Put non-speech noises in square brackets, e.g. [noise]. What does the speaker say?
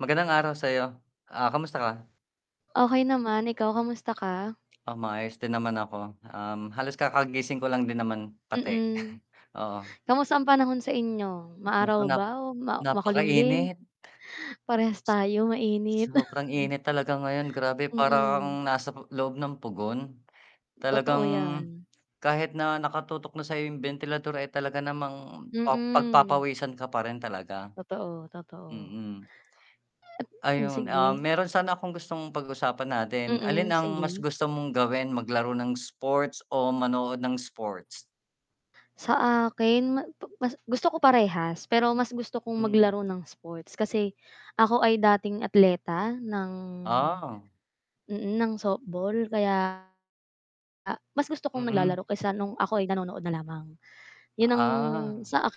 Magandang araw sayo, ah, kamusta ka? okay naman ikaw kamusta ka Oh maayos din naman ako, um, halos kakagising ko lang din naman pati. Mm, [chuckles] Oo. [inhales] kamusta ang panahon sa inyo? Maaraw Nako nap ba o makulimlim, napakainit. parehas tayo mainit. Sobrang [chuckles] init talaga ngayon grabe parang kang Mm. nasa loob ng pugon. [inhales] Talagang, Totoo yan. kahit na nakatutok na sa bentilador eh talaga namang Mm. pagpapawisan ka pa rin talaga. Totoo, totoo. Mm. [inhales] [inhales] Um, Ayun, ah, sige. meron sana akong gustong pag-usapan natin, alin Mm, ang mas sige. gusto mong gawin maglaro ng sports o manood ng sports? Sa akin ma pa mas gusto ko parehas pero mas gusto kong Hmm. maglaro ng sports kasi, [inhales] ako ay dating atleta ng Ah. mm, ng softball kaya, mas gusto kong Mm. naglalaro kaysa nung ako'y nanonood na lamang [inhales] yun ang Ah. sa